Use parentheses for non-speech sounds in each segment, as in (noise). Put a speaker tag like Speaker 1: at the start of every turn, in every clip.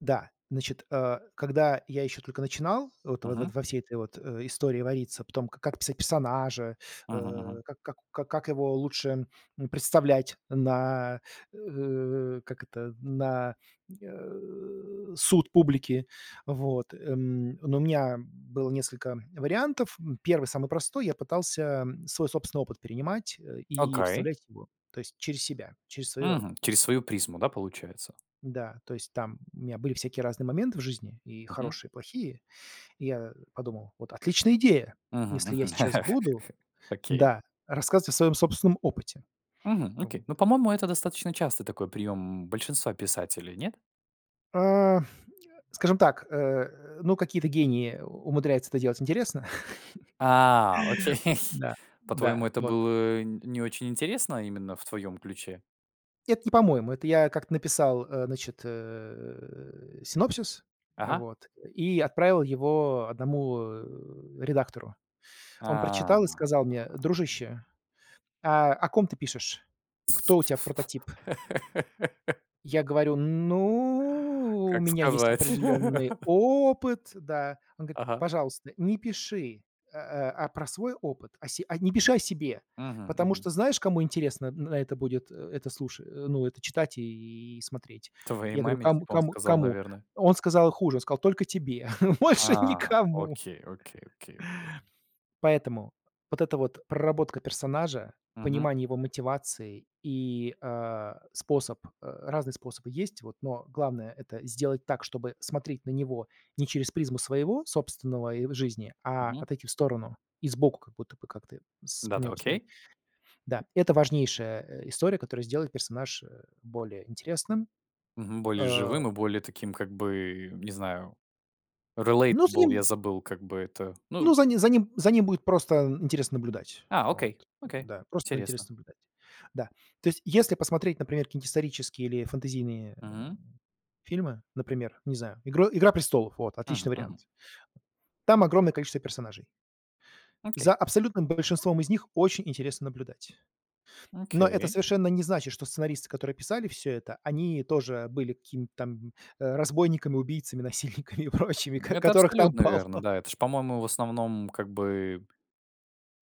Speaker 1: Да, значит, а, когда я ещё только начинал, э, вот
Speaker 2: Мгм.
Speaker 1: во всей этой вот, а, истории вариться по том, как писать персонажа,
Speaker 2: Мгм,
Speaker 1: э,
Speaker 2: мгм.
Speaker 1: как как как его лучше, м, представлять на, э, как это, на, э, суд публики. Вот, м, ну, у меня было несколько вариантов. М, 1- самый простой, я пытался свой собственный опыт перенимать и
Speaker 2: Oкей.
Speaker 1: вставлять его, то есть через себя, через своё,
Speaker 2: Мгм,
Speaker 1: м
Speaker 2: через свою призму, да, получается.
Speaker 1: да, то есть там у меня были всякие разные моменты в жизни, и
Speaker 2: Мгм.
Speaker 1: хорошие, и плохие. И я подумал: "Вот отличная идея,
Speaker 2: Мгм,
Speaker 1: если я
Speaker 2: мгм.
Speaker 1: сейчас буду
Speaker 2: (chuckles) Окей.
Speaker 1: да, рассказывать о своём собственном опыте".
Speaker 2: Мгм,
Speaker 1: К вот.
Speaker 2: окей. Ну, по-моему, это достаточно частый такой прием большинства писателей, нет?
Speaker 1: А, скажем так, э, ну, какие-то гении умудряются это делать интересно.
Speaker 2: А, окей.
Speaker 1: (chuckles) Да, да,
Speaker 2: По-твоему, это
Speaker 1: вот.
Speaker 2: было н не очень интересно именно в твоем ключе?
Speaker 1: Это не по-моему, это я как-то написал, значит, э, синопсис,
Speaker 2: Ага.
Speaker 1: вот, и отправил его 1, э, редактору. Он
Speaker 2: А.
Speaker 1: прочитал и сказал мне: "Дружище, а о ком ты пишешь? Кто у тя прототип?"
Speaker 2: (laughs)
Speaker 1: Я говорю: "Ну, у
Speaker 2: Как
Speaker 1: меня есть
Speaker 2: сказать.
Speaker 1: определённый
Speaker 2: (laughs)
Speaker 1: опыт", да, он говорит:
Speaker 2: Ага.
Speaker 1: "Пожалуйста, не пиши, э, а, про свой опыт, о се не пиши о себе,
Speaker 2: Мгм,
Speaker 1: потому
Speaker 2: мгм.
Speaker 1: что знаешь, кому интересно н на это будет это слуша, ну, это читать и смотреть?"
Speaker 2: "Твоей
Speaker 1: Я говорю:
Speaker 2: маме"
Speaker 1: "Ком
Speaker 2: типа он
Speaker 1: ком
Speaker 2: сказал,
Speaker 1: кому?"
Speaker 2: наверное.
Speaker 1: Он сказал хуже, он сказал: "Только тебе, (chuckles) больше
Speaker 2: А,
Speaker 1: никому".
Speaker 2: окей, окей, окей, окей.
Speaker 1: Поэтому вот эта вот проработка персонажа,
Speaker 2: Мгм.
Speaker 1: понимание его мотивации и, а, способ э, разные способы есть, вот, но главное- это сделать так, чтобы смотреть на него не через призму своего собственного ой жизни, а
Speaker 2: Мгм.
Speaker 1: отойти в сторону, и сбоку как будто бы как-то с на
Speaker 2: Да-да,
Speaker 1: него посмотреть.
Speaker 2: окей.
Speaker 1: Да, это важнейшая, а, история, которая сделает персонаж более интересным.
Speaker 2: Мгм. Более
Speaker 1: Э.
Speaker 2: живым и более таким как бы, не знаю,
Speaker 1: Ну,
Speaker 2: relatable,
Speaker 1: заниму
Speaker 2: я забыл как бы это, ну
Speaker 1: Ну, за ним за ним за ним будет просто интересно наблюдать.
Speaker 2: А,
Speaker 1: Вот,
Speaker 2: окей, окей,
Speaker 1: да, просто
Speaker 2: интересно.
Speaker 1: интересно наблюдать. Да, то есть, если посмотреть, например, какие-нибудь исторические или фэнтезийные, э,
Speaker 2: Мгм.
Speaker 1: фильмы, например, не знаю, игр "Игра престолов", вот, отличный
Speaker 2: Мгм, мгм.
Speaker 1: вариант. Там огромное количество персонажей.
Speaker 2: Окей.
Speaker 1: За абсолютным большинством из них очень интересно наблюдать. Но это
Speaker 2: Окей.
Speaker 1: совершенно не значит, что сценаристы, которые писали всё это, они тоже были какими-то там, э, разбойниками, убийцами, насильниками и прочими,
Speaker 2: М,
Speaker 1: к
Speaker 2: это
Speaker 1: которых там
Speaker 2: абсолютно верно.
Speaker 1: полно.
Speaker 2: Да, это ж, по-моему, в основном как бы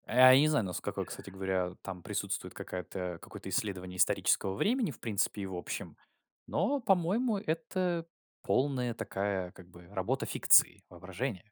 Speaker 2: а, я не знаю, наско кстати говоря, там присутствует какая-то какое-то исследование исторического времени, в принципе, и в общем. Но, по-моему, это полная такая, как бы работа фикции, воображения.